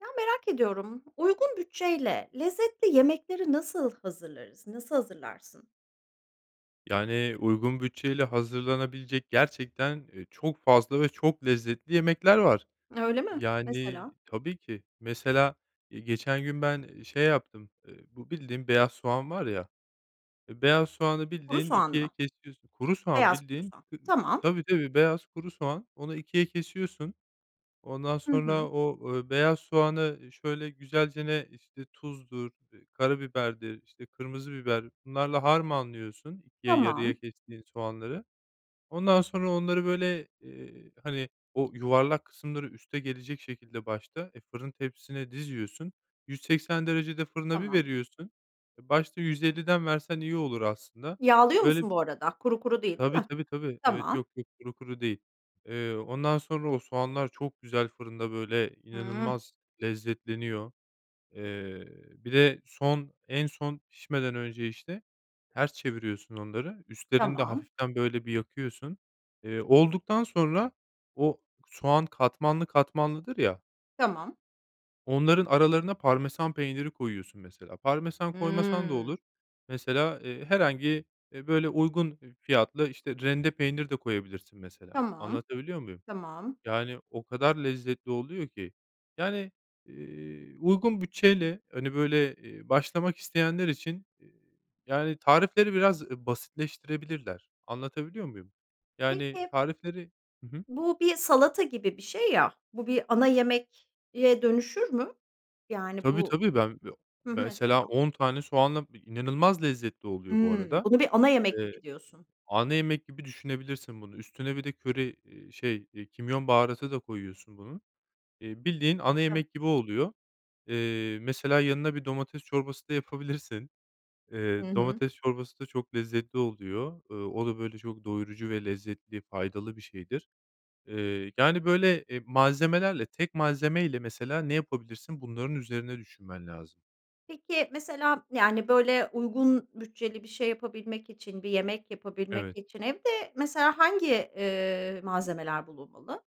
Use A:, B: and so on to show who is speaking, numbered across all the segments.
A: Ya, merak ediyorum. Uygun bütçeyle lezzetli yemekleri nasıl hazırlarız, nasıl hazırlarsın?
B: Yani, uygun bütçeyle hazırlanabilecek gerçekten, eee, çok fazla ve çok lezzetli yemekler var.
A: Öyle mi?
B: Yani
A: Mesela?
B: Tabii ki. Mesela, eee, geçen gün ben, eee, şey yaptım. Eee, bu bildiğin beyaz soğan var ya. Eee, beyaz soğanı
A: Kuru
B: bildiğin
A: soğan
B: 2'ye
A: mı?
B: kesiyorsun. Kuru soğan
A: Beyaz kuru
B: bildiğin
A: soğan.
B: kırı
A: Tamam.
B: tabii tabii beyaz kuru soğan, onu 2'ye kesiyorsun. Ondan
A: Hı
B: sonra
A: hı.
B: o, ööö, beyaz soğanı şöyle güzelce, işte, tuzdur, [unintelligible] karabiberdir, işte, kırmızı biber, bunlarla harmanlıyorsun 2'ye yarıya
A: Tamam.
B: kestiğin soğanları. Ondan sonra onları, böyle, eee, hani, o yuvarlak kısımları üste gelecek şekilde başta, e, fırın tepsisine diziyorsun. 180 derecede fırına bir
A: Tamam.
B: veriyorsun e, başta 150'den versen iyi olur aslında.
A: Yağlıyor
B: Böyle
A: musun bu arada? Kuru kuru değil, değil
B: Tabii,
A: mi?
B: tabii, tabii. Evet,
A: Tamam.
B: yok, yok. Kuru kuru değil. Eee, ondan sonra o soğanlar çok güzel fırında böyle
A: Hıh.
B: inanılmaz lezzetleniyor. Eee, bir de son en son pişmeden önce, işte, ters çeviriyorsun onları, üstlerini de
A: Tamam.
B: hafiften, böyle, bir yakıyorsun. Eee, olduktan sonra o k soğan katmanlı katmanlıdır ya
A: Tamam.
B: onların aralarına Parmesan peyniri koyuyorsun mesela. Parmesan koymasan da
A: Hımm.
B: olur. Mesela, eee, herhangi, eee, böyle uygun eb fiyatlı, işte, rende peynir de koyabilirsin mesela,
A: Tamam,
B: anlatabiliyor muyum?
A: tamam.
B: Yani, o kadar lezzetli oluyor ki. Yani, eee, uygun bütçeyle, hani, böyle, eee, başlamak isteyenler için, eee, yani, tarifleri biraz, eee, basitleştirebilirler, anlatabiliyor muyum? Yani,
A: Peki
B: tarifleri Hı hı.
A: bu bir salata gibi bir şey ya, bu bir ana yemek diye dönüşür mü? Yani,
B: Tabii,
A: bu
B: tabii. Ben, ya,
A: hı hı, mesela.
B: mesela 10 tane soğanla bi inanılmaz lezzetli oluyor bu
A: Hımm.
B: arada.
A: Bunu bir ana yemek
B: Eee,
A: gibi diyorsun.
B: ana yemek gibi düşünebilirsin bunu. Üstüne bir de köri, eee, şey, eee, kimyon baharatı da koyuyorsun bunun, eee, bildiğin ana
A: Evet.
B: yemek gibi oluyor. Eee, mesela yanına bir domates çorbası da yapabilirsin.
A: Hı
B: Eee,
A: hı.
B: domates çorbası da çok lezzetli oluyor, ııı, o da, böyle, çok doyurucu ve lezzetli, faydalı bir şeydir. Eee, yani, böyle, eee, malzemelerle, tek malzeme ile mesela ne yapabilirsin bunların üzerine düşünmen lazım.
A: Peki, mesela, yani, böyle, uygun bütçeli bir şey yapabilmek için, bir yemek yapabilmek
B: Evet.
A: için evde, mesela, hangi, eee, malzemeler bulunmalı?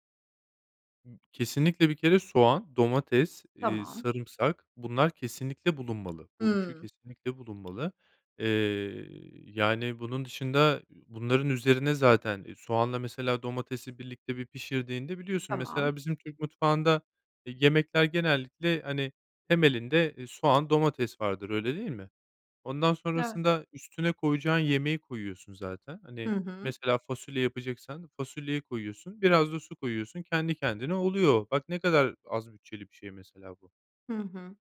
B: Kesinlikle, bir kere soğan, domates, eee,
A: Tamam.
B: sarımsak, bunlar kesinlikle bulunmalı, bu 3'ü
A: Hıı.
B: kesinlikle bulunmalı. Eee, yani, bunun dışında, ü bunların üzerine, zaten, eee, soğanla, mesela, domatesi birlikte bir pişirdiğinde biliyorsun,
A: Tamam.
B: mesela, bizim Türk mutfağında, eee, yemekler genellikle, hani, temelinde, eee, soğan, domates vardır. Öyle değil mi? Ondan
A: Eve
B: sonrasında üstüne koyacağın yemeği koyuyorsun zaten.
A: Hı
B: Hani,
A: hı.
B: mesela, fasulye yapacaksan fasulyeyi koyuyorsun, biraz da su koyuyorsun kendi kendine oluyor. Bak, ne kadar az bütçeli bir şey, mesela, bu.
A: Hı hı.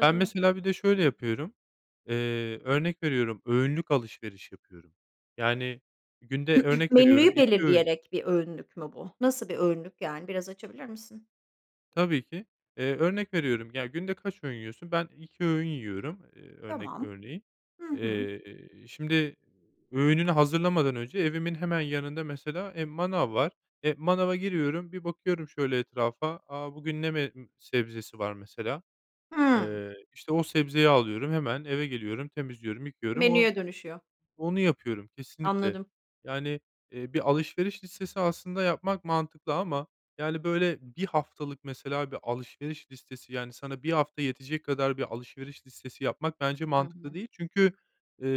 B: Ben, mesela, bir de şöyle yapıyorum, eee, örnek veriyorum, öğünlük alışveriş yapıyorum, yani, günde, örnek veriyorum,
A: Menüyü
B: 2 öğün
A: belirleyerek bir öğünlük mü bu? Nasıl bir öğünlük yani? Biraz açabilir misin?
B: Tabii ki, eee, örnek veriyorum, ya, günde kaç öğün yiyorsun? Ben 2 öğün yiyorum. Eee, örnek
A: Tamam.
B: örneğin,
A: Hı hı.
B: eee, şimdi öğününü hazırlamadan önce evimin hemen yanında, mesela, eee, manav var. Eee, manava giriyorum, bir bakıyorum şöyle etrafa. A, bugün ne me sebzesi var, mesela,
A: Hıı.
B: eee, işte, o sebzeyi alıyorum. Hemen eve geliyorum, temizliyorum, yıkıyorum. O
A: Menüye dönüşüyor.
B: onu yapıyorum kesinlikle.
A: Anladım.
B: Yani, eee, bir alışveriş listesi aslında yapmak mantıklı ama, yani, böyle, 1 haftalık, mesela, bir alışveriş listesi, yani, sana 1 hafta yetecek kadar bir alışveriş listesi yapmak bence
A: Hı
B: mantıklı
A: hı.
B: değil. Çünkü, eee,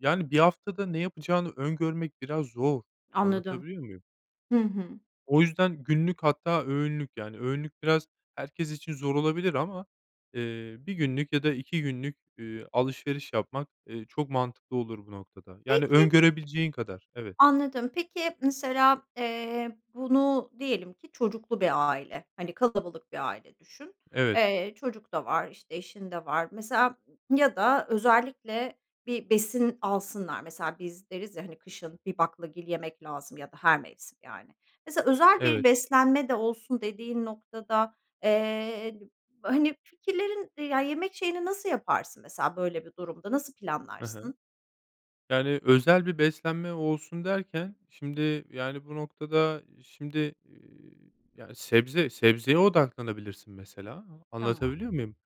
B: yani, 1 haftada ne yapacağını öngörmek biraz zor.
A: Anladım.
B: Anlatabiliyor muyum?
A: Hı hı.
B: O yüzden günlük, hatta öğünlük, yani, öğünlük biraz herkes için zor olabilir ama, eee, 1 günlük ya da 2 günlük, eee, alışveriş yapmak, eee, çok mantıklı olur, bu noktada, yani,
A: Peki
B: öngörebileceğin kadar, evet.
A: Anladım. Peki, mesela, eee, bunu diyelim ki çocuklu bir aile, hani, kalabalık bir aile düşün,
B: Evet.
A: eee, çocuk da var, işte, eşin de var. Mesela ya da özellikle bir besin alsınlar, mesela, biz deriz, ya, hani, kışın bir baklagil yemek lazım ya da her mevsim yani. Mesela, özel bir
B: Evet.
A: beslenme de olsun dediğin noktada, eee, hani, fikirlerin, ya, yemek şeyini nasıl yaparsın, mesela, böyle bir durumda? Nasıl
B: Hı hı.
A: planlarsın?
B: Yani, özel bir beslenme olsun derken, şimdi, yani, bu noktada, şimdi, iii, yani, sebze sebzeye odaklanabilirsin, mesela,
A: Tamam.
B: anlatabiliyor muyum?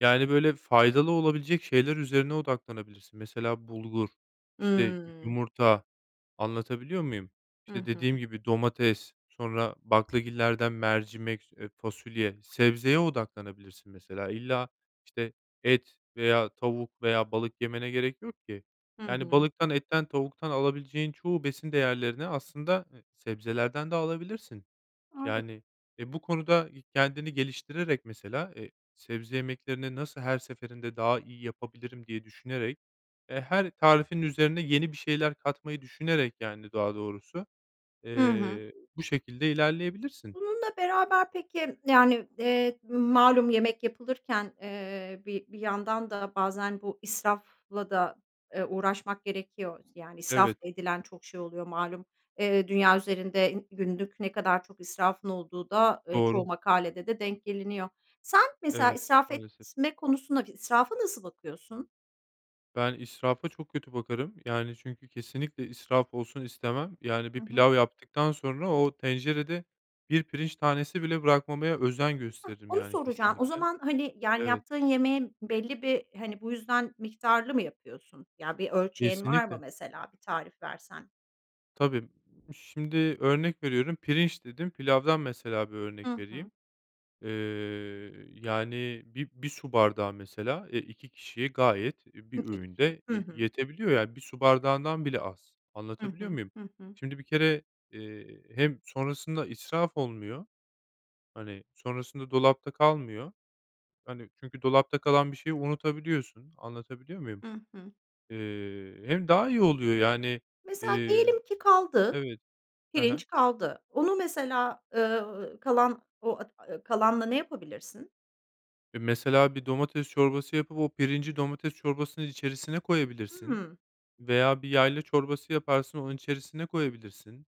B: Yani, böyle, faydalı olabilecek şeyler üzerine odaklanabilirsin. Mesela, bulgur, işte, y
A: Hımm.
B: yumurta, anlatabiliyor muyum?
A: Hı
B: İşte, dediğim
A: hı.
B: gibi, domates, sonra baklagillerden mercimek, s eee, fasulye, sebzeye odaklanabilirsin, mesela. İlla, işte, et veya tavuk veya balık yemene gerek yok ki,
A: Hı
B: yani,
A: hı.
B: balıktan, etten, tavuktan alabileceğin çoğu besin değerlerini, aslında, e sebzelerden de alabilirsin.
A: A! Evet.
B: Yani, e, bu konuda kendini geliştirerek, mesela, eee, sebze yemeklerini nasıl her seferinde daha iyi yapabilirim diye düşünerek, e, her tarifin üzerine yeni bir şeyler katmayı düşünerek, yani, daha doğrusu,
A: Hı hı.
B: eee, bu şekilde ilerleyebilirsin.
A: Bununla beraber, peki, yani, eee, malum, yemek yapılırken, eee, bi bir yandan da bazen bu israfla da, eee, uğraşmak gerekiyor, yani, israf
B: Evet.
A: edilen çok şey oluyor malum. Eee, dünya üzerinde i günlük ne kadar çok israfın olduğu da, eee, çoğu
B: Doğru.
A: makalede de denk geliniyor. Sen, mesela,
B: Evet.
A: israf
B: Maalesef.
A: etme konusuna, b israfa nasıl bakıyorsun?
B: Ben israfa çok kötü bakarım. Yani, çünkü kesinlikle israf olsun istemem. Yani, bir
A: Hı hı.
B: pilav yaptıktan sonra o tencerede 1 pirinç tanesi bile bırakmamaya özen
A: Hah,
B: gösteririm.
A: onu
B: Yani,
A: soracağım. O
B: kesinlikle.
A: zaman, hani, yani,
B: Evet.
A: yaptığın yemeğin belli bir, hani, bu yüzden miktarlı mı yapıyorsun? Ya, bir ölçeğin var mı?
B: Kesinlikle.
A: Mesela bir tarif versen?
B: Tabii, şimdi örnek veriyorum pirinç dedin pilavdan, mesela, bir örnek
A: Hı hı.
B: vereyim. Eee, yani, bi bir su bardağı, mesela, eee, 2 kişiye gayet, e, bir
A: 2 kişiye.
B: öğünde
A: Hı
B: ye
A: hı.
B: yetebiliyor, yani, 1 su bardağından bile az,
A: Hı
B: anlatabiliyor
A: hı.
B: muyum?
A: Hı hı.
B: Şimdi, bir kere, eee, hem sonrasında israf olmuyor, hani, sonrasında dolapta kalmıyor. Hani, çünkü dolapta kalan bir şeyi unutabiliyorsun, anlatabiliyor muyum?
A: Hı hı.
B: Eee, hem daha iyi oluyor yani.
A: Mesela
B: Eee,
A: diyelim ki kaldı,
B: evet, hı hı.
A: pirinç kaldı. Onu, mesela, ııı, kalan, o, [unintelligible] kalanla ne yapabilirsin?
B: E, mesela, bir domates çorbası yapıp o pirinci domates çorbasının içerisine koyabilirsin
A: Hıı.
B: veya bir yayla çorbası yaparsın onun içerisine koyabilirsin,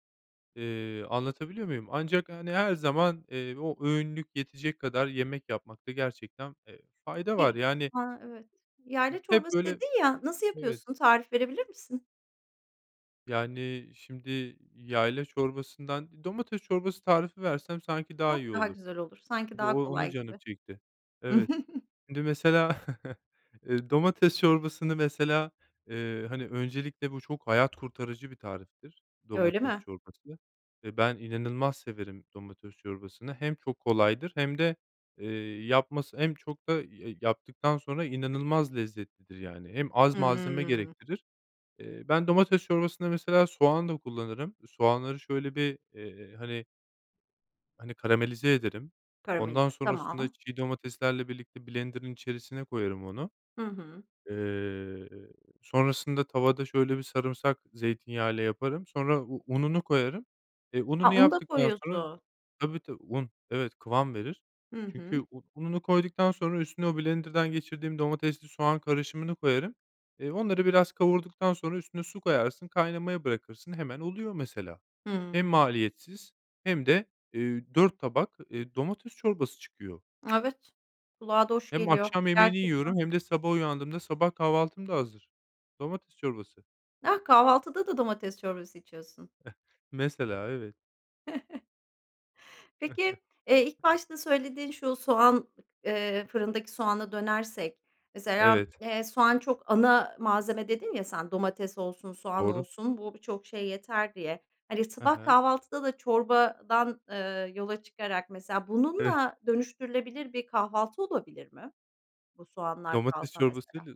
B: eee, anlatabiliyor muyum? Ancak, hani, her zaman, eee, o öğünlük yetecek kadar yemek yapmakta gerçekten, eee, fayda var
A: Ge
B: yani
A: A! Evet. Yayla
B: [unintelligible] Hep
A: çorbası
B: böyle,
A: dedin ya, nasıl
B: evet.
A: yapıyorsun, tarif verebilir misin?
B: Yani, şimdi, yayla çorbasından, domates çorbası tarifi versem sanki daha iyi
A: Çok daha
B: olur.
A: güzel olur sanki daha
B: Doğ onu
A: kolay
B: canım
A: gibi.
B: çekti. Evet, şimdi, mesela, eee, domates çorbasını, mesela, eee, hani, öncelikle bu çok hayat kurtarıcı bir tariftir.
A: Öyle
B: Domates
A: mi?
B: çorbası ve ben inanılmaz severim domates çorbasını hem çok kolaydır hem de, eee, yapması hem çok da ya yaptıktan sonra inanılmaz lezzetlidir, yani, hem az malzeme
A: Hımm.
B: gerektirir. Eee, ben domates çorbasında, mesela, soğan da kullanırım. Soğanları şöyle bir, eee, hani hani, karamelize ederim,
A: Karamelize,
B: ondan sonrasında
A: tamam.
B: çiğ domateslerle birlikte blenderın içerisine koyarım onu.
A: Hı hı.
B: Eee, sonrasında tavada şöyle bir sarımsak zeytinyağı ile yaparım sonra u ununu koyarım. E,
A: A,
B: ununu
A: un da
B: yaptıktan sonra
A: koyuyorsun.
B: tabii, tabii, un, evet, kıvam verir
A: Hı
B: çünkü
A: hı.
B: u ununu koyduktan sonra üstüne o blenderdan geçirdiğim domatesli soğan karışımını koyarım. Eee, onları biraz kavurduktan sonra üstüne su koyarsın, kaynamaya bırakırsın. Hemen oluyor mesela. Hem
A: Hıı.
B: maliyetsiz hem de, eee, 4 tabak, eee, domates çorbası çıkıyor.
A: Evet, kulağa da hoş
B: Hem
A: geliyor
B: akşam yemeğini
A: gerçekten.
B: yiyorum hem de sabah uyandığımda sabah kahvaltım da hazır. Domates çorbası.
A: Ah, kahvaltıda da domates çorbası içiyorsun.
B: Mesela, evet.
A: Peki, eee, ilk başta söylediğin şu soğan, eee fırındaki soğana dönersek, mesela,
B: Evet.
A: eee, soğan çok ana malzeme dedin ya, sen, domates olsun, soğan
B: Doğru.
A: olsun bu birçok şey yeter diye, hani,
B: Hı
A: sabah
B: hı.
A: kahvaltıda da çorbadan, eee, yola çıkarak, mesela,
B: [unintelligible]
A: bununla dönüştürülebilir bir kahvaltı olabilir mi? Bu soğanlar
B: Domates
A: kalsa
B: çorbası
A: mesela.
B: ile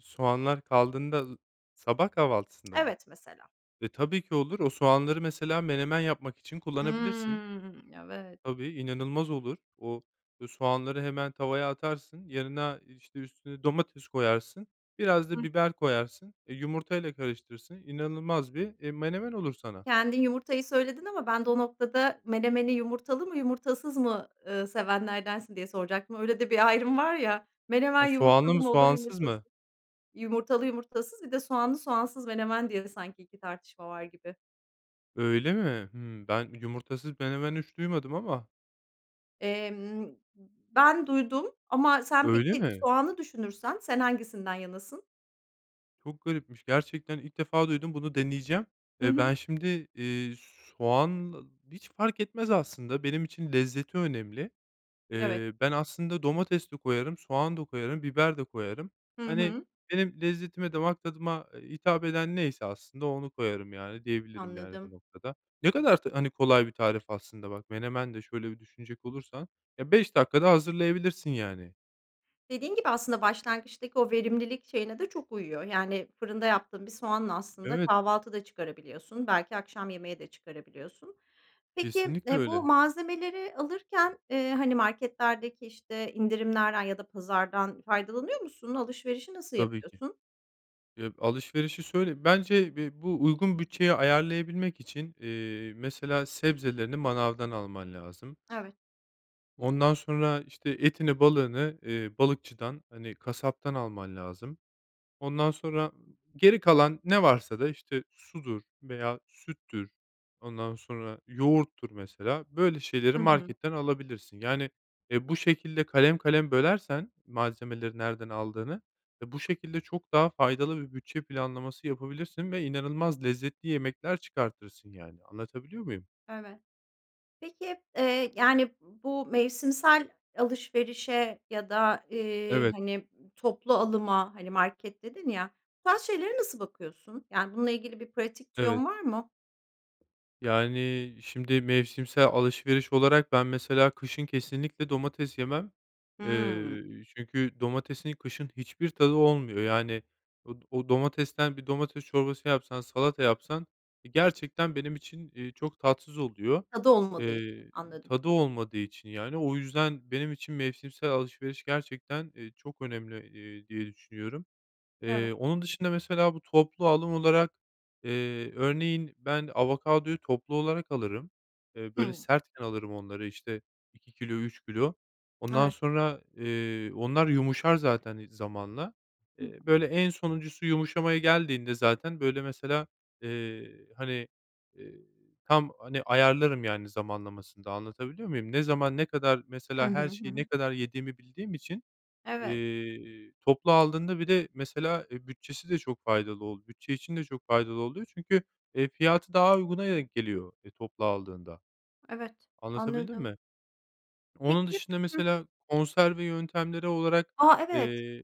B: soğanlar kaldığında sabah kahvaltısında mı?
A: Evet, mesela.
B: E, tabii ki olur. O soğanları, mesela, menemen yapmak için kullanabilirsin.
A: Hımm. Evet.
B: Tabii, inanılmaz olur. O, ııı, soğanları hemen tavaya atarsın. Yanına, işte, üstüne domates koyarsın biraz
A: Hı
B: da
A: hı.
B: biber koyarsın, eee, yumurtayla karıştırırsın inanılmaz bir, eee, menemen olur sana.
A: Kendin yumurtayı söyledin ama ben de o noktada menemeni yumurtalı mı, yumurtasız mı, eee, sevenlerdensin diye soracaktım. Öyle de bir ayrım var ya, menemen
B: Ha, soğanlı
A: yumurtalı
B: mı,
A: mı olur,
B: soğansız
A: yumurtasız
B: mı?
A: Yumurtalı, yumurtasız, bir de soğanlı, soğansız menemen diye sanki 2 tartışma var gibi.
B: Öyle mi? Hımm. Ben yumurtasız menemen hiç duymadım ama.
A: Emm, ben duydum ama sen
B: Öyle
A: peki,
B: mi?
A: soğanı düşünürsen, sen hangisinden yanasın?
B: Çok garipmiş, gerçekten ilk defa duydum, bunu deneyeceğim.
A: Hı
B: Eee,
A: hı.
B: ben şimdi, eee, soğan hiç fark etmez aslında benim için, lezzeti önemli.
A: Evet.
B: Eee, ben aslında domates de koyarım, soğan da koyarım, biber de koyarım.
A: Hı
B: Hani,
A: hı.
B: benim lezzetime, damak tadıma, eee, hitap eden neyse aslında onu koyarım, yani, diyebilirim, yani, bu
A: Anladım.
B: noktada. Ne kadar t hani, kolay bir tarif aslında, bak, menemen de şöyle bir düşünecek olursan, ya, 5 dakikada hazırlayabilirsin, yani.
A: Dediğin gibi aslında başlangıçtaki o verimlilik şeyine de çok uyuyor. Yani, fırında yaptığın bir soğanla aslında
B: Evet.
A: kahvaltı da çıkarabiliyorsun. Belki akşam yemeği de çıkarabiliyorsun. Peki,
B: Kesinlikle
A: eee, bu
B: öyle.
A: malzemeleri alırken, eee, hani, marketlerdeki, işte, indirimlerden ya da pazardan faydalanıyor musun? Alışverişi nasıl
B: Tabii ki.
A: yapıyorsun?
B: Ya, alışverişi söyle bence bi bu uygun bütçeye ayarlayabilmek için, eee, mesela sebzelerini manavdan alman lazım.
A: Evet.
B: Ondan sonra, işte, etini, balığını, eee, balıkçıdan, hani, kasaptan alman lazım. Ondan sonra geri kalan ne varsa da, işte, sudur veya süttür, ondan sonra yoğurttur, mesela, böyle şeyleri
A: Hı hı.
B: marketten alabilirsin. Yani, eee, bu şekilde kalem kalem bölersen malzemeleri nereden aldığını ve bu şekilde çok daha faydalı bir bütçe planlaması yapabilirsin ve inanılmaz lezzetli yemekler çıkartırsın, yani, anlatabiliyor muyum?
A: Evet. Peki, eee, yani, bu mevsimsel alışverişe ya da, eee,
B: Evet.
A: hani, toplu alıma, hani, market dedin ya, bu tarz şeylere nasıl bakıyorsun? Yani, bununla ilgili bir pratik
B: Evet.
A: tüyon var mı?
B: Yani, şimdi mevsimsel alışveriş olarak ben, mesela, kışın kesinlikle domates yemem.
A: Hıı.
B: Eee, çünkü domatesin kışın hiçbir tadı olmuyor, yani, o o domatesten bir domates çorbası yapsan, salata yapsan, eee, gerçekten benim için, eee, çok tatsız oluyor.
A: Tadı olmadığı için,
B: Eee,
A: anladım.
B: tadı olmadığı için, yani, o yüzden benim için mevsimsel alışveriş gerçekten, eee, çok önemli, eee, diye düşünüyorum.
A: Evet.
B: Eee, onun dışında, mesela, bu toplu alım olarak, eee, örneğin, ben avokadoyu toplu olarak alırım. Eee, böyle,
A: Hı.
B: sertken alırım onları, işte, 2 kilo, 3 kilo. Ondan
A: Evet.
B: sonra, eee, onlar yumuşar zaten, ııı, zamanla.
A: Hı
B: Eee,
A: hı.
B: böyle, en sonuncusu yumuşamaya geldiğinde zaten, böyle, mesela, eee, hani, eee, tam, hani, ayarlarım, yani, zamanlamasını da anlatabiliyor muyum? Ne zaman, ne kadar,
A: Hı
B: mesela,
A: hı.
B: her
A: Hı
B: şeyi ne
A: hı.
B: kadar yediğimi bildiğim için,
A: Evet.
B: eee, toplu aldığında bir de, mesela, eee, bütçesi de çok faydalı oldu. Bütçe için de çok faydalı oluyor çünkü, eee, fiyatı daha uyguna denk geliyor, eee, toplu aldığında.
A: Evet,
B: Anlatabildim
A: anladım.
B: mi? Onun
A: Peki
B: dışında,
A: hı hı.
B: mesela, konserve yöntemleri olarak,
A: A! Evet.
B: eee,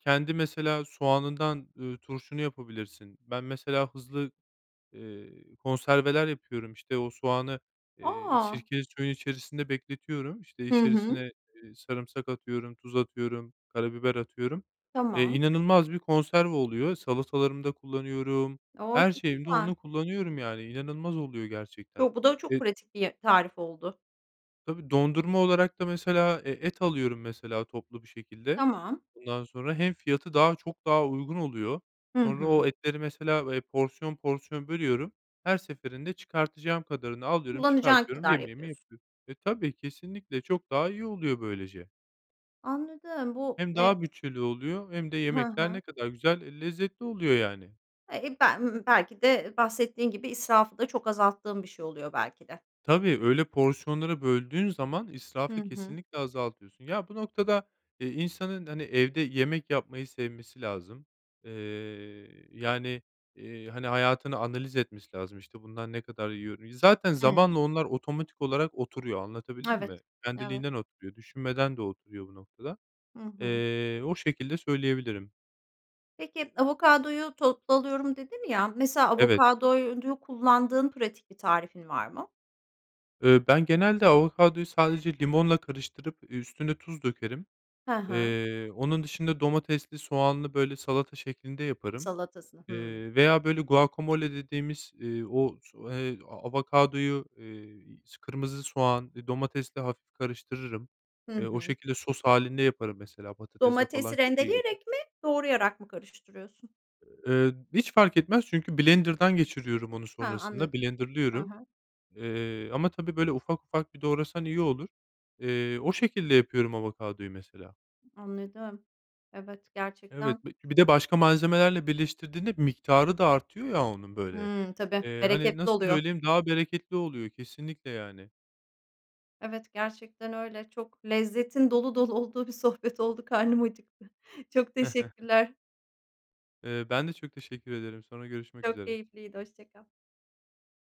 B: kendi, mesela, soğanından, ııı, turşunu yapabilirsin. Ben, mesela, hızlı, eee, konserveler yapıyorum, işte, o soğanı, eee,
A: A!
B: sirkeli suyun içerisinde bekletiyorum, işte,
A: Hı hı.
B: içerisine, eee, sarımsak atıyorum, tuz atıyorum, karabiber atıyorum. Eee,
A: Tamam.
B: inanılmaz bir konserve oluyor. Salatalarımda kullanıyorum,
A: O!
B: her
A: Çok
B: şeyimde
A: güzel.
B: onu kullanıyorum, yani, inanılmaz oluyor gerçekten.
A: Yo, bu da çok
B: E
A: pratik bir ye tarif oldu.
B: Tabii, dondurma olarak da, mesela, e et alıyorum, mesela, toplu bir şekilde.
A: Tamam.
B: Ondan sonra hem fiyatı çok daha uygun oluyor,
A: Hı
B: sonra
A: hı.
B: o etleri, mesela, eee, porsiyon porsiyon bölüyorum, her seferinde çıkartacağım kadarını alıyorum,
A: Kullanacağın
B: çıkartıyorum,
A: kadar
B: yemeğimi
A: yapıyorsun.
B: yapıyorum. E, tabii, kesinlikle çok daha iyi oluyor böylece.
A: Anladım, bu,
B: Hem
A: eee
B: daha bütçeli oluyor hem de
A: Hı
B: yemekler
A: hı.
B: ne kadar güzel, eee, lezzetli oluyor, yani.
A: Eee, ben, belki de bahsettiğin gibi israfı da çok azalttığım bir şey oluyor, belki de.
B: Tabii, öyle porsiyonları böldüğün zaman
A: Hı
B: israfı
A: hı.
B: kesinlikle azaltıyorsun. Ya, bu noktada, eee, insanın, hani, evde yemek yapmayı sevmesi lazım, eee, yani, eee, hani, hayatını analiz etmesi lazım, işte, bundan ne kadar yiyoru Zaten
A: Hıı.
B: zamanla onlar otomatik olarak oturuyor. Anlatabildim mi?
A: Evet. Evet.
B: Kendiliğinden oturuyor, düşünmeden de oturuyor bu noktada.
A: Hı hı.
B: Eee, o şekilde söyleyebilirim.
A: Peki, avokadoyu toplu alıyorum dedin ya, mesela,
B: Evet.
A: avokadoyu kullandığın pratik bir tarifin var mı?
B: Iıı, ben genelde avokadoyu sadece limonla karıştırıp üstüne tuz dökerim.
A: Hı hı.
B: Eee, onun dışında domatesli, soğanlı, böyle, salata şeklinde yaparım.
A: Salatasını. Hımm.
B: Eee, veya, böyle, guacamole dediğimiz, iii, o so eee, avokadoyu, eee s kırmızı soğan, eee, domatesle hafif karıştırırım.
A: Hı
B: Eee, o
A: hı.
B: şekilde sos hâlinde yaparım, mesela, patatesle falan
A: Domatesi
B: çok iyi gider.
A: rendeleyerek mi, doğrayarak mı karıştırıyorsun?
B: Eee, hiç fark etmez çünkü blenderdan geçiriyorum onu
A: Ha,
B: sonrasında,
A: anladım. I
B: blenderlıyorum.
A: hı.
B: Eee, ama tabii, böyle, ufak ufak bir doğrasan iyi olur. Eee, o şekilde yapıyorum avokadoyu mesela.
A: Anladım. Evet, gerçekten
B: Evet, bi bir de başka malzemelerle birleştirdiğinde miktarı da artıyor ya, onun, böyle.
A: Hıı, tabii.
B: Eee, hani,
A: Bereketli
B: nasıl
A: oluyor.
B: söyleyeyim, daha bereketli oluyor kesinlikle, yani.
A: Evet, gerçekten öyle. Çok lezzetin dolu dolu olduğu bir sohbet oldu, karnım acıktı. Çok teşekkürler.
B: Eee, ben de çok teşekkür ederim, sonra görüşmek
A: Çok
B: üzere.
A: keyifliydi, hoşça kal.